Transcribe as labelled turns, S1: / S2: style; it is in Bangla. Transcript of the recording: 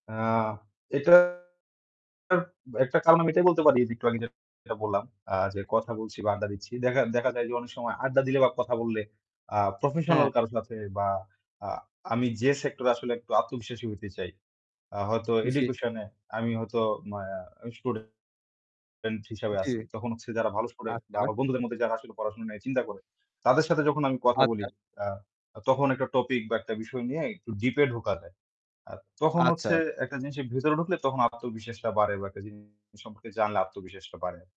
S1: আ এটার এটার একটা কারণ আমি এটাই বলতে পারি যে একটু আগে যে আমি যেটা বললাম, আ যে কথা বলছি বা আড্ডা দিচ্ছি। দেখা দেখা যায় যে অনেক সময় আড্ডা দিলে বা কথা বললে, আ প্রফেশনাল
S2: হ্যাঁ।
S1: কারো সাথে বা আ আমি যে সেক্টরে আসলে একটু আত্মবিশ্বাসী হইতে চাই, আ হয়তো
S2: উম জি।
S1: এডুকেশনে আমি হয়তো আ স্টুডেন্ট স্টুডেন্ট হিসেবে
S2: জি।
S1: আছি। তখন হচ্ছে যারা ভালো
S2: জি,
S1: স্টুডেন্ট বা
S2: আচ্ছা।
S1: আমার বন্ধুদের মধ্যে যারা আসলে পড়াশোনা নিয়ে চিন্তা করে তাদের সাথে যখন আমি কথা বলি,
S2: আচ্ছা।
S1: আ তখন একটা টপিক বা একটা বিষয় নিয়ে একটু ডিপে ঢোকা যায়। আর তখন হচ্ছে
S2: আচ্ছা।
S1: একটা জিনিসের ভেতর ঢুকলে তখন আত্মবিশ্বাসটা বাড়ে বা একটা জিনিস সম্পর্কে জানলে আত্মবিশ্বাসটা বাড়ে।